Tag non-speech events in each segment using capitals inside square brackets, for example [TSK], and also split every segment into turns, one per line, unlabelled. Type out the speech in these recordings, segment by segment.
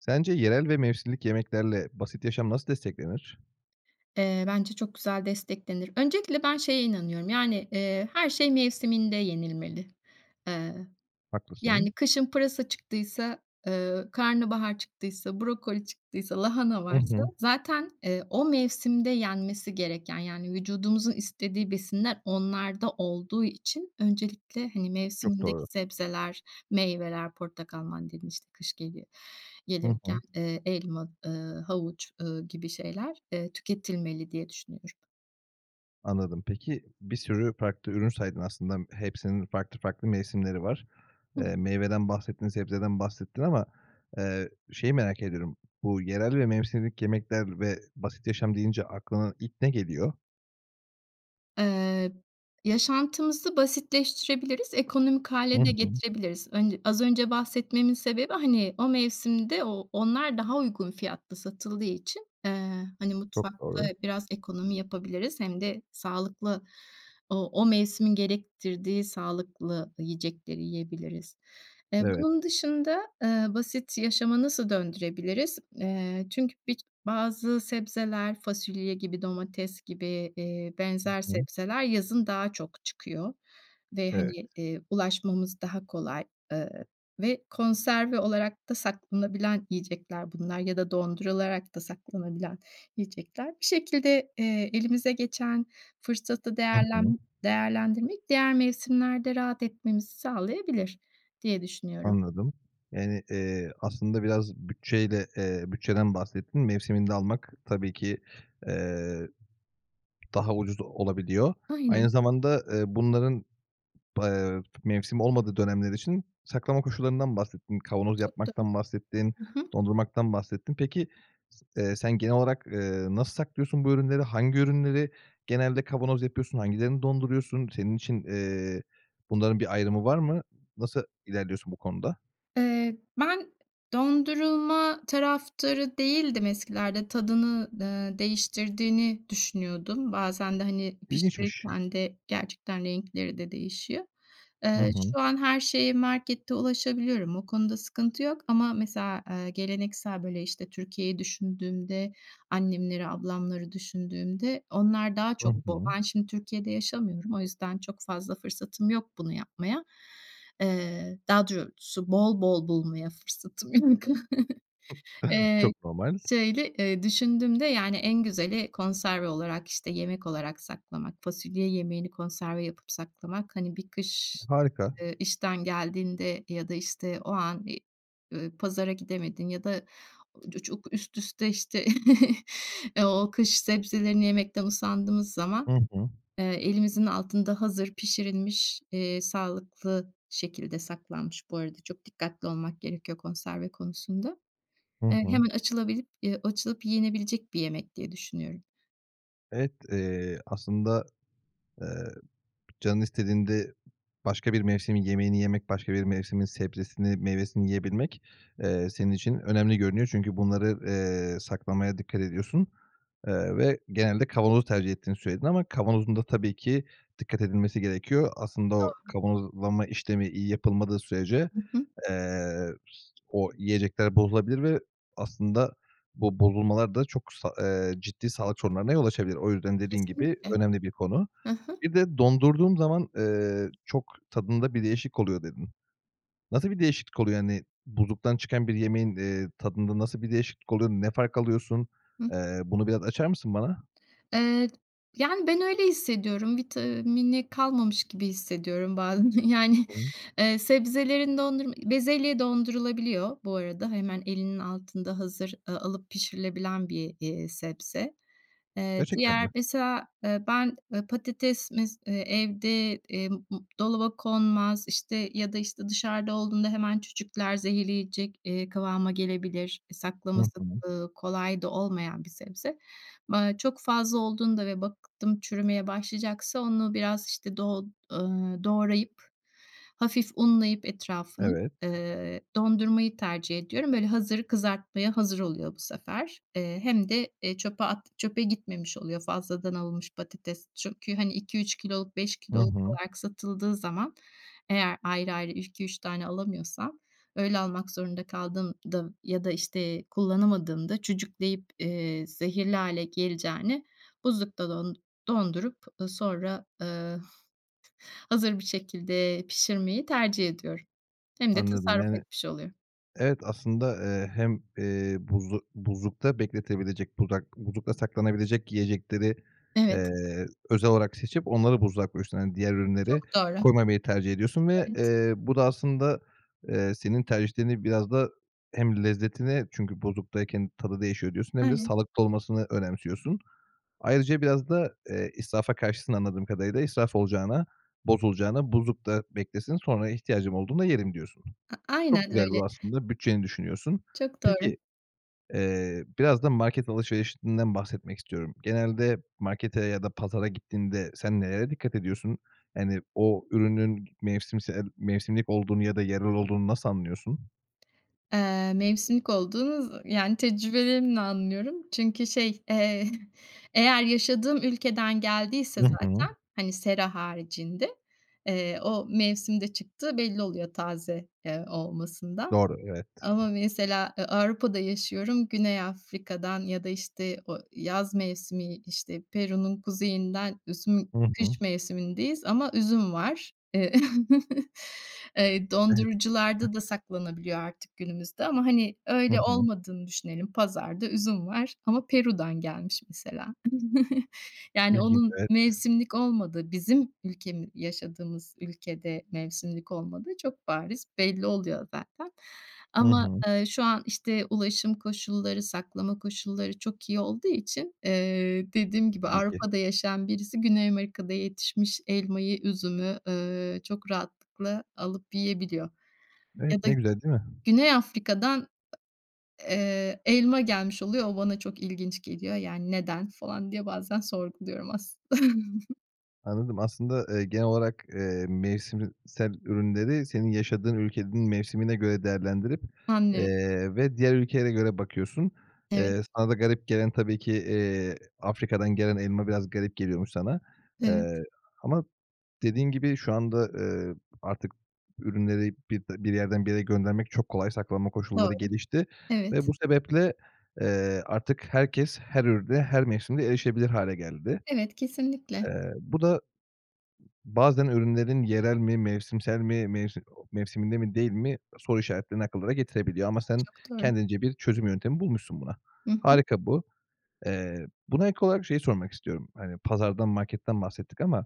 Sence yerel ve mevsimlik yemeklerle basit yaşam nasıl desteklenir?
Eee, bence çok güzel desteklenir. Öncelikle ben şeye inanıyorum, yani, eee, her şey mevsiminde yenilmeli. Eee,
Haklısın.
yani kışın pırasa çıktıysa, ııı, karnabahar çıktıysa, brokoli çıktıysa, lahana
Hı
varsa
hı.
zaten, eee, o mevsimde yenmesi gereken; yani, vücudumuzun istediği besinler onlarda olduğu için öncelikle hani
Çok
mevsimindeki
doğru.
sebzeler, meyveler, portakal, mandalina işte kış geliyor
Hı
gelirken,
hı.
eee, elma, ııı, havuç, ııı, gibi şeyler, eee, tüketilmeli diye düşünüyorum.
Anladım. Peki, bir sürü farklı ürün saydın aslında hepsinin farklı farklı mevsimleri var.
Hı.
Eee, meyveden bahsettin, sebzeden bahsettin ama, eee, şeyi merak ediyorum: Bu, yerel ve mevsimlik yemekler ve basit yaşam deyince aklına ilk ne geliyor?
Eee, yaşantımızı basitleştirebiliriz, ekonomik
Hı
hâle de
hı.
getirebiliriz. Önce az önce bahsetmemin sebebi, hani, o mevsimde o onlar daha uygun fiyatlı satıldığı için, eee, hani,
Çok
mutfakta
doğru.
biraz ekonomi yapabiliriz hem de sağlıklı o o mevsimin gerektirdiği sağlıklı yiyecekleri yiyebiliriz. Eee,
Evet.
bunun dışında, eee, basit yaşamı nasıl döndürebiliriz? Eee, çünkü bik bazı sebzeler fasulye gibi, domates gibi, eee,
Hı
benzer
hı.
sebzeler yazın daha çok çıkıyor ve,
Evet.
hani, eee, ulaşmamız daha kolay, eee, ve konserve olarak da saklanabilen yiyecekler bunlar ya da dondurularak da saklanabilen yiyecekler. Bir şekilde, eee, elimize geçen fırsatı
Hı hı.
değerlen değerlendirmek diğer mevsimlerde rahat etmemizi sağlayabilir diye düşünüyorum.
Anladım. Yani, eee, aslında biraz bütçeyle, eee, bütçeden bahsettin. Mevsiminde almak tabii ki, eee, daha ucuz olabiliyor.
Aynen.
Aynı zamanda, eee, bunların, eee, mevsimi olmadığı dönemler için saklama koşullarından bahsettin. Kavanoz
Çok doğru.
yapmaktan bahsettin,
Hı hı.
dondurmaktan bahsettin. Peki s eee, sen genel olarak, eee, nasıl saklıyorsun bu ürünleri? Hangi ürünleri genelde kavanoz yapıyorsun, hangilerini donduruyorsun? Senin için, eee, bunların bir ayrımı var mı? Nasıl ilerliyorsun bu konuda?
Eee, ben dondurulma taraftarı değildim eskilerde. Tadını, eee, değiştirdiğini düşünüyordum. Bazen de, hani,
İlginçmiş.
pişirirken de gerçekten renkleri de değişiyor.
Hı
Eee,
hı.
şu an her şeye markette ulaşabiliyorum. O konuda sıkıntı yok ama mesela, eee, geleneksel, böyle, işte, Türkiye'yi düşündüğümde, annemleri, ablamları düşündüğümde, onlar daha
Hı
çok bol
hı.
Ben şimdi Türkiye'de yaşamıyorum. O yüzden çok fazla fırsatım yok bunu yapmaya. Eee, daha doğrusu bol bol bulmaya fırsatım yok. [CHUCKLES] Eee,
Çok normal.
şöyle, eee, düşündüğümde, yani, en güzeli konserve olarak, işte, yemek olarak saklamak. Fasulye yemeğini konserve yapıp saklamak, hani bir kış,
Harika.
eee, işten geldiğinde ya da, işte, o an i ııı, pazara gidemedin ya da ucu çok üst üste, işte, [CHUCKLES] eee, o kış sebzelerini yemekten usandığımız zaman,
Hı hı.
eee, elimizin altında hazır pişirilmiş, eee, sağlıklı şekilde saklanmış, bu arada çok dikkatli olmak gerekiyor konserve konusunda,
Hı
eee,
hı.
hemen açılabilip yı açılıp yenebilecek bir yemek diye düşünüyorum.
Evet, eee, aslında, eee, canın istediğinde başka bir mevsimin yemeğini yemek, başka bir mevsimin sebzesini, meyvesini yiyebilmek, eee, senin için önemli görünüyor. Çünkü bunları, eee, saklamaya dikkat ediyorsun. Eee, ve genelde kavanozu tercih ettiğini söyledin ama kavanozun da tabii ki dikkat edilmesi gerekiyor. Aslında o
Doğru.
kavanozlama işlemi iyi yapılmadığı sürece,
Hı hı.
eee, o yiyecekler bozulabilir ve aslında bu bozulmalar da çok sa eee, ciddi sağlık sorunlarına yol açabilir. O yüzden dediğin gibi
Kesinlikle.
önemli bir konu.
Hı hı.
Bir de dondurduğum zaman, eee, "Çok tadında bir değişik oluyor." dedin. Nasıl bir değişiklik oluyor? Hani, buzluktan çıkan bir yemeğin, eee, tadında nasıl bir değişiklik oluyor, ne fark alıyorsun?
Hıı.
Eee, bunu biraz açar mısın bana?
Eee, yani, ben öyle hissediyorum. Vitamini kalmamış gibi hissediyorum bazen, yani,
[UNINTELLIGIBLE]
eee, sebzelerin dondurma bezelye dondurulabiliyor. Bu arada hemen elinin altında hazır, ııı, alıp pişirilebilen bir y eee, sebze. Eee,
Gerçekten mi?
diğer mesela, eee, ben, ııı, patates mes eee, evde, emm, m dolaba konmaz, işte, ya da, işte, dışarıda olduğunda hemen cücükler zehirleyecek, eee, kıvama gelebilir. E,
Hı
saklaması,
hı.
ııı, kolay da olmayan bir sebze. M aaa, çok fazla olduğunda ve baktım çürümeye başlayacaksa onu biraz, işte, doğ ııı, doğrayıp, hafif unlayıp etrafını,
Evet.
eee, dondurmayı tercih ediyorum. Böyle, hazır kızartmaya hazır oluyor bu sefer. Eee, hem de, eee, çöpe at çöpe gitmemiş oluyor fazladan alınmış patates. Çünkü hani 2-3 kiloluk, 5
Hı
kiloluk
hı.
olarak satıldığı zaman eğer ayrı ayrı 2-3 tane alamıyorsam öyle almak zorunda kaldığımda ya da, işte, kullanamadığımda cücükleyip, eee, zehirli hâle geleceğine buzlukta don dondurup, ııı, sonra, ııı, hazır bir şekilde pişirmeyi tercih ediyorum. Hem de
Anladım,
tasarruf
yani
etmiş oluyorum.
Evet aslında, eee, hem, eee, buzlu buzlukta bekletebilecek dudak buzlukta saklanabilecek yiyecekleri,
Evet.
eee, özel olarak seçip onları buzluğa koyuyorsun. Hani, diğer
Çok
ürünleri
doğru.
koymamayı tercih ediyorsun ve,
Evet.
eee, bu da aslında, eee, senin tercihlerini biraz da hem lezzetine çünkü, "Buzluktayken tadı değişiyor." diyorsun hem de
Aynen.
sağlıklı olmasını önemsiyorsun. Ayrıca biraz da, eee, israfa karşısın anladığım kadarıyla. "İsraf olacağına, bozulacağına buzlukta beklesin, sonra ihtiyacım olduğunda yerim." diyorsun.
A
Çok
aynen
güzel
öyle.
bu aslında bütçeni düşünüyorsun.
Çok doğru.
Peki, eee, biraz da market alışverişinden bahsetmek istiyorum. Genelde markete ya da pazara gittiğinde sen nelere dikkat ediyorsun? Hani, o ürünün mevsimsel, mevsimlik olduğunu ya da yerel olduğunu nasıl anlıyorsun?
Eee, mevsimlik olduğu zı yani, tecrübelerimle anlıyorum çünkü şey, eee, eğer yaşadığım ülkeden geldiyse
Hı hı.
zaten, hani, sera haricinde, eee, o mevsimde çıktığı belli oluyor taze, eee, olmasında.
Doğru, evet.
Ama mesela, eee, Avrupa'da yaşıyorum, Güney Afrika'dan ya da, işte, o yaz mevsimi, işte, Peru'nun kuzeyinden üzüm
Hı hı.
kış mevsimindeyiz ama üzüm var, eee [CHUCKLES] Eee,
Evet.
dondurucularda da saklanabiliyor artık günümüzde ama, hani,
Hı
öyle
hı.
olmadığını düşünelim. Pazarda üzüm var ama Peru'dan gelmiş mesela. [CHUCKLES] Yani,
[UNINTELLIGIBLE]
onun
Evet.
mevsimlik olmadığı, bizim ülkemi yaşadığımız ülkede mevsimlik olmadığı çok bariz belli oluyor zaten.
Hı
Ama,
hı.
eee, şu an, işte, ulaşım koşulları, saklama koşulları çok iyi olduğu için, eee, dediğim gibi
Tabii ki.
Avrupa'da yaşayan birisi Güney Amerika'da yetişmiş elmayı, üzümü, ööö, çok rahatlıkla alıp yiyebiliyor.
Evet,
Ya da
ne güzel değil mi?
Güney Afrika'dan eee, elma gelmiş oluyor, o bana çok ilginç geliyor, yani, "Neden?" falan diye bazen sorguluyorum aslında. [CHUCKLES]
Anladım. Aslında, eee, genel olarak, eee, mevsim iii, sel ürünleri senin yaşadığın ülkenin mevsimine göre değerlendirip,
Anlıyorum.
eee, ve diğer ülkelere göre bakıyorsun.
Evet.
Eee, sana da garip gelen tabii ki, eee, Afrika'dan gelen elma biraz garip geliyormuş sana.
Evet.
Eee, ama dediğin gibi şu anda, eee, artık ürünleri bip bir yerden bir yere göndermek çok kolay. Saklama koşulları
Doğru.
gelişti ve
Evet.
bu sebeple, eee, artık herkes her ürüne her mevsimde erişebilir hâle geldi.
Evet, kesinlikle.
Eee, bu da, ııı, bazen ürünlerin yerel mi mevsimsel mi, mevsim o mevsiminde mi değil mi soru işaretlerini akıllara getirebiliyor. Ama sen
Çok doğru.
kendince bir çözüm yöntemi bulmuşsun buna.
Hı hı.
Harika bu. Eee, buna ek olarak şeyi sormak istiyorum. Hani pazardan marketten bahsettik ama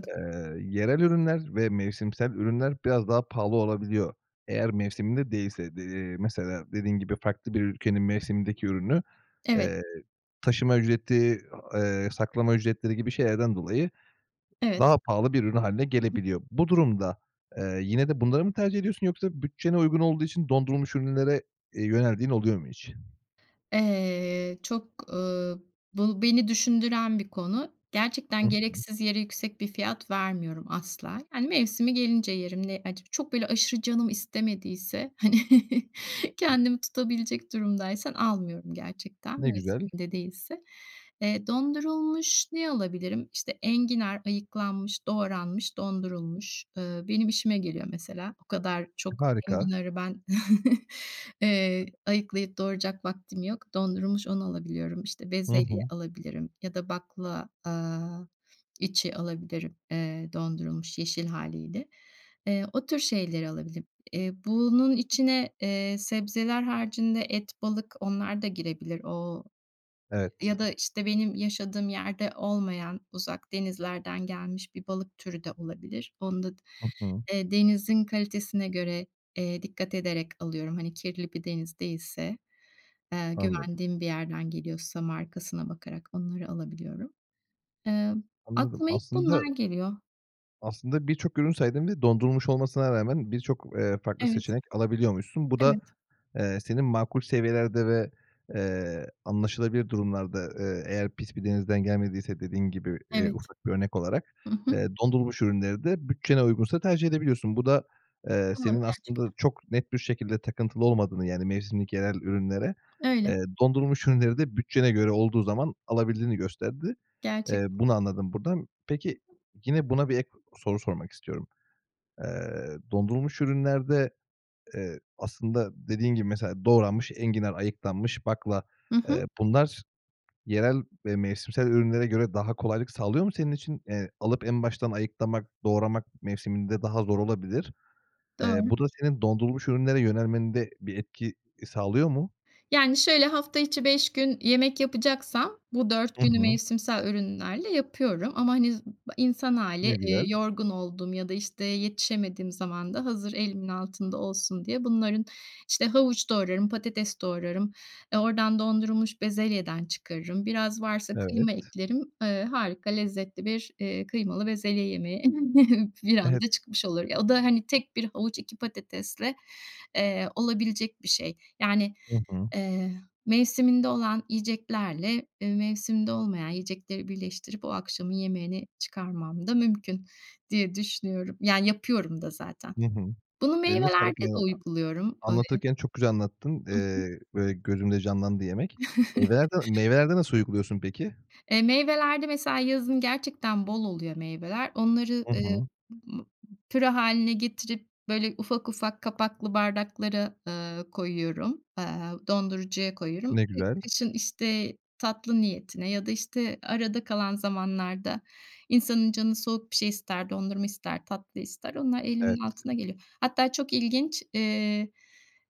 [TSK] eee, yerel ürünler ve mevsimsel ürünler biraz daha pahalı olabiliyor. Eğer mevsiminde değilse. De eee, mesela dediğin gibi farklı bir ülkenin mevsimindeki ürünü,
Evet.
eee, taşıma ücreti, a eee saklama ücretleri gibi şeylerden dolayı
Evet.
daha pahalı bir ürün hâline
Hı hı.
gelebiliyor. Bu durumda, eee, yine de bunları mı tercih ediyorsun yoksa bütçene uygun olduğu için dondurulmuş ürünlere, eee, yöneldiğin oluyor mu hiç? [EXHALES]
Eee, çok, uuu, bu beni düşündüren bir konu.
Hı
Gerçekten
hı.
gereksiz yere yüksek bir fiyat vermiyorum asla. Hani, mevsimi gelince yerim, ne ac çok böyle aşırı canım istemediyse, hani, [CHUCKLES] kendimi tutabilecek durumdaysan almıyorum gerçekten,
Ne güzel.
mevsiminde değilse. Eee, dondurulmuş ne alabilirim? İşte enginar ayıklanmış, doğranmış dondurulmuş ııı benim işime geliyor mesela. O kadar çok
Harika.
enginarı ben [CHUCKLES] eee, ayıklayıp doğrayacak vaktim yok. Dondurulmuş onu alabiliyorum. İşte,
Hı
bezelye
hı.
alabilirim ya da bakla, aaa, içi alabilirim, eee, dondurulmuş yeşil hâliyle. Eee, o tür şeyleri alabilirim. Eee, bunun içine, eee, sebzeler haricinde et, balık onlar da girebilir. Ooo,
Evet.
ya da, işte, benim yaşadığım yerde olmayan uzak denizlerden gelmiş bir balık türü de olabilir. Onu da d
Hı hı.
eee, denizin kalitesine göre, eee, dikkat ederek alıyorum. Hani kirli bir deniz değilse, eee,
Anladım.
güvendiğim bir yerden geliyorsa markasına bakarak onları alabiliyorum. Emm,
Anladım.
aklıma ilk
Aslında
bunlar geliyor.
aslında birçok ürün saydın ve dondurulmuş olmasına rağmen birçok, eee, farklı
Evet.
seçenek alabiliyormuşsun. Bu da,
Evet.
eee, senin makul seviyelerde ve, eee, anlaşılabilir durumlarda, eee, eğer pis bir denizden gelmediyse dediğin gibi, eee,
Evet.
ufak bir örnek olarak,
I hı.
eee, dondurulmuş ürünleri de bütçene uygunsa tercih edebiliyorsun. Bu da, eee,
Doğru
senin aslında
gerçekten.
çok net bir şekilde takıntılı olmadığını, yani, mevsimlik yerel ürünlere,
Öyle.
eee, dondurulmuş ürünleri de bütçene göre olduğu zaman alabildiğini gösterdi. Eee,
Gerçekten.
bunu anladım buradan. Peki, yine, buna bir ek soru sormak istiyorum. Eee, dondurulmuş ürünlerde, eee, aslında dediğin gibi, mesela doğranmış enginar ayıklanmış bakla,
I hı.
eee, bunlar yerel ve mevsimsel ürünlere göre daha kolaylık sağlıyor mu senin için? Eee, alıp en baştan ayıklamak, doğramak mevsiminde daha zor olabilir. Eee,
Doğru.
bu da senin dondurulmuş ürünlere yönelmende bir etki e sağlıyor mu?
Yani, şöyle hafta içi 5 gün yemek yapacaksam bu 4
I
günü
hı.
mevsimsel ürünlerle yapıyorum. Ama hani z ba insan hâli,
Ne
eee,
güzel.
yorgun olduğum ya da, işte, yetişemediğim zaman da hazır elimin altında olsun diye bunların işte havuç doğrarım patates doğrarım. E, oradan dondurulmuş bezelyeden çıkarırım. Biraz varsa
Evet.
kıyma eklerim, eee, harika, lezzetli bir, eee, kıymalı bezelye yemeği [CHUCKLES] bir
Evet.
anda çıkmış olur. Ya, o da, hani, tek 1 havuç 2 patatesle, eee, olabilecek bir şey. Yani,
I hı.
eee, mevsiminde olan yiyeceklerle, e, mevsiminde olmayan yiyecekleri birleştirip o akşamın yemeğini çıkarmam da mümkün diye düşünüyorum. Yani, yapıyorum da zaten.
Hı hı.
Bunu
Eline sağlık
meyvelerde
ya
de uyguluyorum. [UNINTELLIGIBLE]
anlatırken çok güzel anlattın,
I hı.
eee, böyle gözümde canlandı yemek. Meyvelerde
[CHUCKLES]
meyvelerde nasıl uyguluyorsun peki?
E, meyvelerde mesela yazın gerçekten bol oluyor meyveler. Onları,
I
eee,
hı.
ımm, püre hâline getirip böyle ufak ufak kapaklı bardaklara, eee, koyuyorum. Aaa, dondurucuya koyuyorum.
Ne
E,
güzel.
kışın, işte, tatlı niyetine ya da, işte, arada kalan zamanlarda insanın canı soğuk bir şey ister, dondurma ister, tatlı ister onlar
Evet.
elimin altına geliyor. Hatta çok ilginç, eee,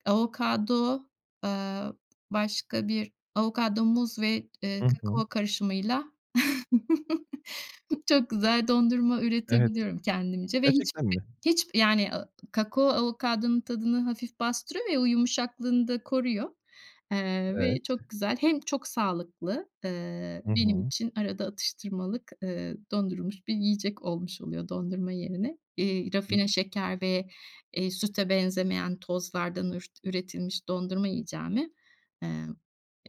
avokado, aaa, başka bir avokado muz ve, eee,
Hı hı.
kakao karışımıyla [CHUCKLES] çok güzel dondurma
Evet.
üretebiliyorum kendimce ve hiç
Gerçekten
[UNINTELLIGIBLE]
mi?
hiç yani a ı kakao avokadonun tadını hafif bastırıyor ya, o yumuşaklığını da koruyor. Eee,
Evet.
ve çok güzel hem çok sağlıklı, eee,
Hı
benim
hı.
için arada atıştırmalık, eee, dondurulmuş bir yiyecek olmuş oluyor dondurma yerine. Eee, rafine
[UNINTELLIGIBLE]
şeker ve, eee, süte benzemeyen tozlardan ürt üretilmiş dondurma yiyeceğime, emm,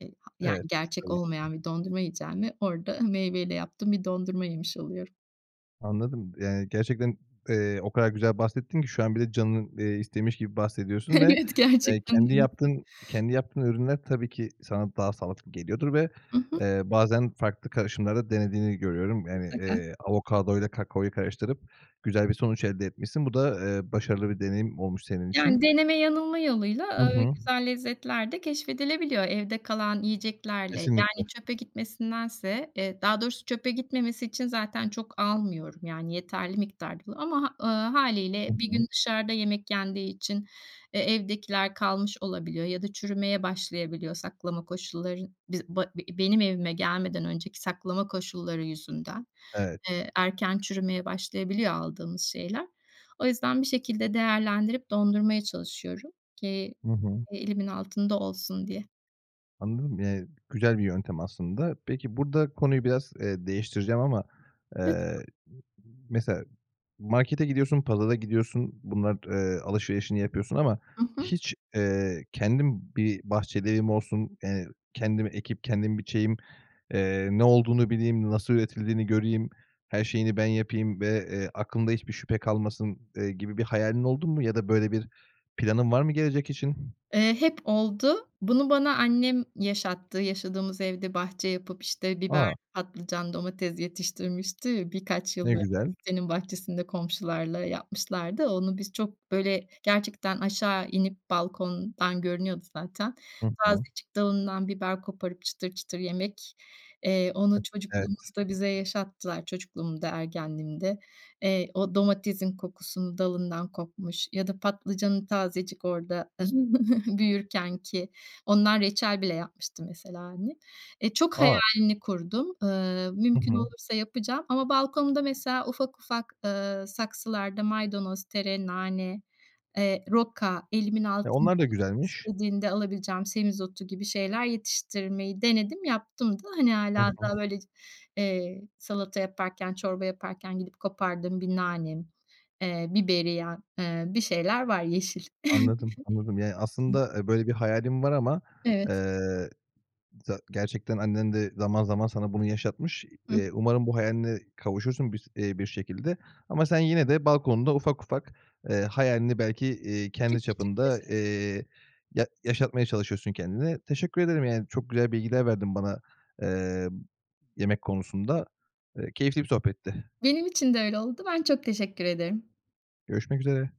e ha yani,
Evet, pis
gerçek
tabii ki.
olmayan bir dondurma yiyeceğime orada meyveyle yaptığım bir dondurma yemiş oluyorum.
Anladım, yani, gerçekten, eee, o kadar güzel bahsettin ki şu an bile canın, eee, istemiş gibi bahsediyorsun ve,
Evet,
eee,
gerçekten
kendi
[UNINTELLIGIBLE]
yaptığın, kendi yaptığın ürünler tabii ki sana daha sağlıklı geliyordur ve,
I hı.
eee, bazen farklı karışımlar da denediğini görüyorum, yani,
Mutlaka.
eee, avokadoyla kakaoyu karıştırıp güzel bir sonuç elde etmişsin. Bu da, eee, başarılı bir deneyim olmuş senin için.
Yani deneme-yanılma yoluyla,
Hı
aaa,
hı.
güzel lezzetler de keşfedilebiliyor evde kalan yiyeceklerle.
Kesinlikle.
Yani, çöpe gitmesindense, e daha doğrusu çöpe gitmemesi için zaten çok almıyorum, yani, yeterli miktarda ı ama ııı, hâliyle
Hı
1
hı.
gün dışarıda yemek yendiği için, eee, evdekiler kalmış olabiliyor ya da çürümeye başlayabiliyor. Saklama koşulları n biz ba b benim evime gelmeden önceki saklama koşulları yüzünden,
Evet.
eee, erken çürümeye başlayabiliyor aldığımız şeyler. O yüzden bir şekilde değerlendirip dondurmaya çalışıyorum ki
Hı hı.
elimin altında olsun diye.
Anladım, eee, güzel bir yöntem aslında. Peki burada konuyu biraz, eee, değiştireceğim ama.
Lütfen.
Eee, mesela markete gidiyorsun, pazara gidiyorsun, bunlar t eee, alışverişini yapıyorsun ama
Hı hı.
hiç, eee, kendim bir bahçeli evim olsun, eee, kendim ekip kendim biçeyim, eee, ne olduğunu bileyim nasıl üretildiğini göreyim her şeyini ben yapayım ve, eee, aklımda hiçbir şüphe kalmasın, eee, gibi bir hayalin oldun mu ya da böyle bir planın var mı gelecek için?
Eee, hep oldu. Bunu bana annem yaşattı, yaşadığımız evde bahçe yapıp, işte, biber
A!
patlıcan, domates yetiştirmişti ve birkaç yıl
Ne
böyle
güzel.
sitenin bahçesinde komşularla yapmışlardı. Onu biz çok böyle gerçekten aşağı inip balkondan görünüyordu zaten.
Hı hı.
Tazecik dalından biber koparıp çıtır çıtır yemek, eee, onu
Evet.
çocukluğumuzda bize yaşattılar. Çocukluğumda, ergenliğimde. Eee, o domatesin kokusunu dalından kopmuş ya da patlıcanın tazecik orada [CHUCKLES] büyürkenki, ondan reçel bile yapmıştı mesela annem. Eee, çok
A!
hayalini kurdum, ııı,
Hı
mümkün
hı.
olursa yapacağım ama balkonda mesela ufak ufak, ııı, saksılarda maydanoz, tere, nane, eee, roka elimin
E,
altın
onlar da
canım
güzelmiş.
istediğinde alabileceğim semizotu gibi şeyler yetiştirmeyi denedim yaptım da. Hani,
Hı
hâlâ
hı.
hatta böyle c eee, salata yaparken çorba yaparken gidip kopardığım bir nanem, eee, biberiyem, eee, bir şeyler var yeşil.
Anladım, anladım. Yani
[CHUCKLES]
aslında, eee, böyle bir hayalin var ama,
Evet.
eee, za gerçekten annen de zaman zaman sana bunu yaşatmış.
Hıh.
Eee, umarım bu hayaline kavuşursun bir s eee, bir şekilde. Ama sen, yine, de balkonunda ufak ufak, eee, hayalini belki, eee, kendi
Küçük küçük
çapında,
[UNINTELLIGIBLE]
eee, ya yaşatmaya çalışıyorsun kendine. Teşekkür ederim, yani, çok güzel bilgiler verdin bana, eee, yemek konusunda. Eee, keyifli bir sohbetti.
Benim için de öyle oldu. Ben çok teşekkür ederim.
Görüşmek üzere.